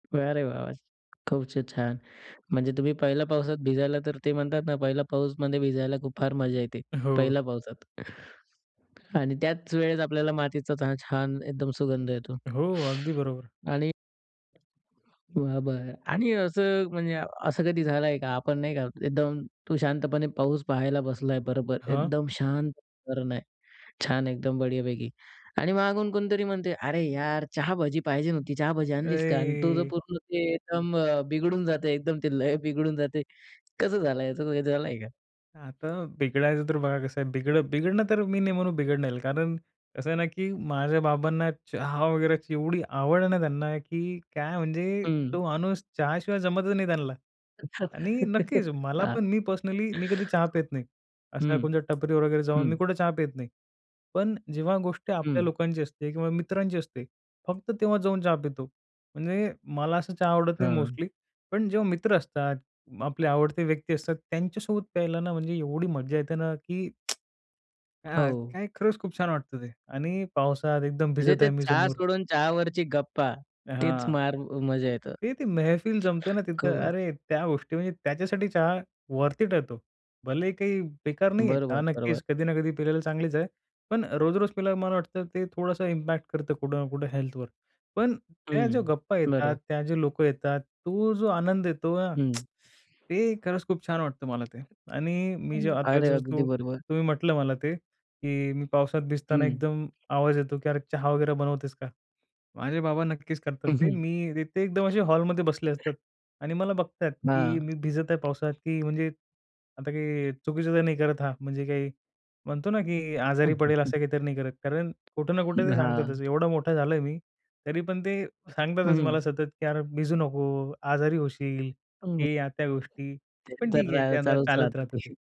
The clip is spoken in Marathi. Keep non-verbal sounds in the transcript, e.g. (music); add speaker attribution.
Speaker 1: अरे वाह, वाह! खूप छ छान. म्हणजे तुम्ही पहिल्या पावसात भिजायला तर ते म्हणतात ना, पहिला पाऊसमध्ये भिजायला खूप फार मजा येते.
Speaker 2: हो.
Speaker 1: पहिल्या पावसात. आणि त्याच वेळेस आपल्याला मातीचा चा छान एकदम सुगंध येतो.
Speaker 2: हो. अगदी
Speaker 1: (inhales)
Speaker 2: बरोबर.
Speaker 1: आणि बरं, बरं. आणि असं म्हणजे असं कधी झालं आहे का? आपण नाही का, एकदम तू शांतपणे पाऊस पाहायला बसला आहे, बरोबर.
Speaker 2: हां.
Speaker 1: एकदम शांत वातावरण आहे. छान एकदम बढियापैकी आणि मागून कोणीतरी म्हणते, "अरे यार! चहा-भजी पाहिजे होती. चहा-भजी आणलीस का?" आणि तुझं
Speaker 2: ए!
Speaker 1: पूर्ण ते एकदम अ, बिघडून जाते. एकदम ते लय बिघडून जाते. कसं झालंय. असं काही झालंय का?
Speaker 2: आता बिघडायचं तर बघा कसं आहे, बिघडं बिघडणं तर मी नाही म्हणू बिघडणार, कारण कसं आहे ना, की माझ्या बाबांना चहा वगैरे ची एवढी आवड आहे ना त्यांना, की काय म्हणजे
Speaker 1: हं.
Speaker 2: तो माणूस चहाशिवाय जमतच नाही त्यांना. आणि
Speaker 1: (chuckles)
Speaker 2: नक्कीच मला
Speaker 1: हां.
Speaker 2: पण मी पर्सनली मी कधी चहा पीत नाही. असं काय
Speaker 1: हं.
Speaker 2: कोणच्या टपरीवर वगैरे जाऊन मी
Speaker 1: हं.
Speaker 2: कुठे चहा पीत नाही. पण अ, जेव्हा गोष्टी आपल्या
Speaker 1: हं.
Speaker 2: लोकांची असते किंवा मित्रांची असते, फक्त तेव्हा जाऊन चहा पितो. म्हणजे मला असं चहा आवडत नाही
Speaker 1: हां.
Speaker 2: मोस्टली पण जेव्हा मित्र असतात, म आपले आवडते व्यक्ती असतात, त्यांच्यासोबत प्यायला ना, म्हणजे एवढी मज्जा येते ना की (tsk) हां.
Speaker 1: हो.
Speaker 2: काय खरंच खूप छान वाटतं ते. आणि पावसात एकदम
Speaker 1: म्हणजे
Speaker 2: भिजत
Speaker 1: ते
Speaker 2: आहे मी
Speaker 1: चहा
Speaker 2: समोर
Speaker 1: सोडून चहावरची गप्पा तीच
Speaker 2: हां.
Speaker 1: मार अ, मजा येतं.
Speaker 2: ते ती मेहफिल जमते ना तिथं,
Speaker 1: खूपच.
Speaker 2: अरे त्या गोष्टी म्हणजे त्याच्यासाठी चहा वर्थ इट आहे तो. भलेही काही बेकार नाही आहे चहा
Speaker 1: बरोबर, बरोबर.
Speaker 2: नक्कीच कधी ना कधी पिलेला चांगलीच आहे, पण अ, रोज-रोज पिल्यावर मला वाटतं ते थोडंसं इम्पॅक्ट करतं कुठं ना कुठं हेल्थवर. पण त्या ज्या
Speaker 1: हं.
Speaker 2: गप्पा येतात,
Speaker 1: बरोबर.
Speaker 2: त्या जे लोकं येतात, तो जो आनंद येतो ना (tsk)
Speaker 1: हं.
Speaker 2: ते खरंच खूप छान वाटतं मला ते. आणि मी जे आता
Speaker 1: अरे!
Speaker 2: जसं
Speaker 1: अगदी
Speaker 2: तू
Speaker 1: बरोबर.
Speaker 2: तुम्ही म्हटलं मला ते, की मी पावसात भिजताना
Speaker 1: हं.
Speaker 2: एकदम आवाज येतो की "अरे चहा वगैरे बनवतेस का?" माझे बाबा नक्कीच करतात ते. मी ते ते एकदम असे हॉलमध्ये बसले असतात.
Speaker 1: (chuckles)
Speaker 2: आणि मला बघतायत, की
Speaker 1: हां.
Speaker 2: मी भिजत आहे पावसात की म्हणजे आता काही चुकीचं तर नाही करत हा. म्हणजे काही म्हणतो ना, की आजारी पडेल
Speaker 1: (chuckles)
Speaker 2: असं काहीतरी नाही करत. कारण कुठं ना कुठे
Speaker 1: हं,
Speaker 2: ते सांगतातच.
Speaker 1: हां.
Speaker 2: एवढा मोठा झालोय मी, तरी पण ते सांगतातच
Speaker 1: हं.
Speaker 2: मला सतत की "अरे भिजू नको. आजारी होशील."
Speaker 1: हं.
Speaker 2: हे या-त्या गोष्टी.
Speaker 1: ते
Speaker 2: पण
Speaker 1: तर
Speaker 2: ठीक आहे ते
Speaker 1: राय
Speaker 2: आता
Speaker 1: चालूच
Speaker 2: चालत
Speaker 1: राहतं
Speaker 2: राहतं
Speaker 1: ते.
Speaker 2: ते.